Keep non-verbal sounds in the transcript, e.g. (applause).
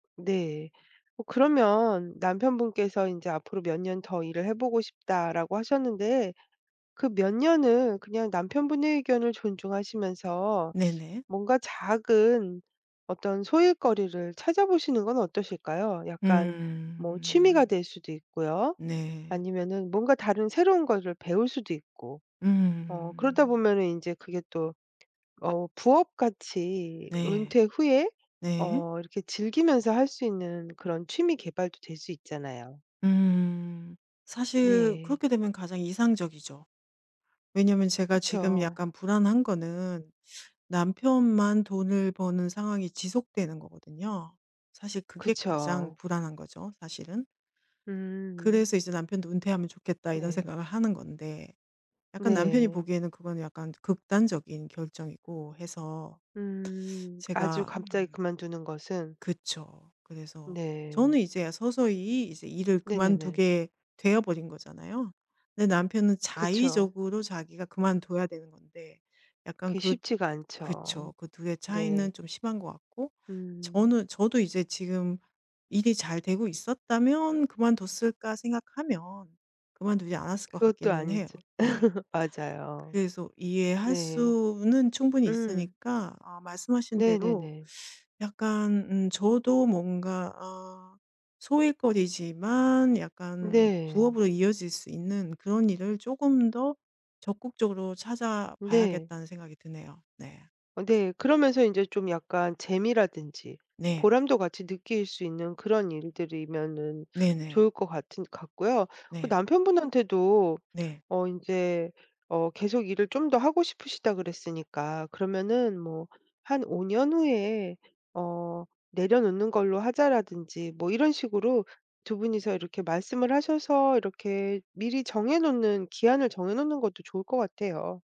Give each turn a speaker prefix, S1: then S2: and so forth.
S1: 네. 뭐 그러면 남편분께서 인제 "앞으로 몇 년 더 일을 해 보고 싶다."라고 하셨는데 그 몇 년을 그냥 남편분의 의견을 존중하시면서
S2: 네네.
S1: 뭔가 작은 어떤 소일거리를 찾아보시는 건 어떠실까요? 약간 뭐 취미가
S2: 음.
S1: 될 수도 있고요.
S2: 네.
S1: 아니면은 뭔가 다른 새로운 거를 배울 수도 있고. 어 그러다
S2: 음.
S1: 보면은 인제 그게 또 어 부업같이 으
S2: 네.
S1: 은퇴 후에
S2: 네.
S1: 어 이렇게 즐기면서 할 수 있는 그런 취미 개발도 될 수 있잖아요.
S2: 음. 사실
S1: 네.
S2: 그렇게 되면 가장 이상적이죠. 왜냐면 제가 지금
S1: 그쵸.
S2: 약간 불안한 거는 남편만 돈을 버는 상황이 지속되는 거거든요. 사실 그게 가장
S1: 그쵸.
S2: 불안한 거죠 사실은.
S1: 음.
S2: 그래서 이제 '남편도 은퇴하면 좋겠다.' 이런
S1: 네.
S2: 생각을 하는 건데 약간 남편이
S1: 네.
S2: 보기에는 그거는 약간 극단적인 결정이고 해서
S1: 음. 아주
S2: 제가
S1: 갑자기
S2: 음.
S1: 그만두는 것은
S2: 그쵸. 그래서
S1: 네.
S2: 저는 이제야 서서히 이제 일을
S1: 네네네.
S2: 그만두게 되어 버린 거잖아요. 근데 남편은
S1: 그쵸.
S2: 자의적으로 자기가 그만둬야 되는 건데 약간
S1: 그게
S2: 그
S1: 쉽지가 않죠.
S2: 그쵸. 그 2 의
S1: 네.
S2: 차이는 좀 심한 것 같고
S1: 음.
S2: 저는 저도 이제 지금 일이 잘 되고 있었다면 그만뒀을까 생각하면 그만두지 않았을 것
S1: 그것도
S2: 같기는 해요.
S1: 아니죠.
S2: 네.
S1: (laughs) 맞아요.
S2: 그래서 이해할
S1: 네.
S2: 수는 충분히
S1: 음.
S2: 있으니까 아 말씀하신 대로
S1: 네네네.
S2: 약간 음 저도 뭔가 아 소일거리지만 약간
S1: 네.
S2: 부업으로 이어질 수 있는 그런 일을 쪼금 더 적극적으로
S1: 음 네.
S2: 찾아봐야겠다는 생각이 드네요. 네.
S1: 어 네. 그러면서 인제 좀 약간 재미라든지
S2: 네.
S1: 보람도 같이 느낄 수 있는 그런 일들이면은
S2: 네네.
S1: 좋을 것 같은 같고요. 그
S2: 네.
S1: 남편분한테도
S2: 네.
S1: 어 인제 어 계속 일을 좀 더 하고 싶으시다 그랬으니까 그러면은 뭐 한 5 년 후에 어 "내려놓는 걸로 하자."라든지 뭐 이런 식으로 2 분이서 이렇게 말씀을 하셔서 이렇게 미리 정해 놓는 기한을 정해 놓는 것도 좋을 것 같아요.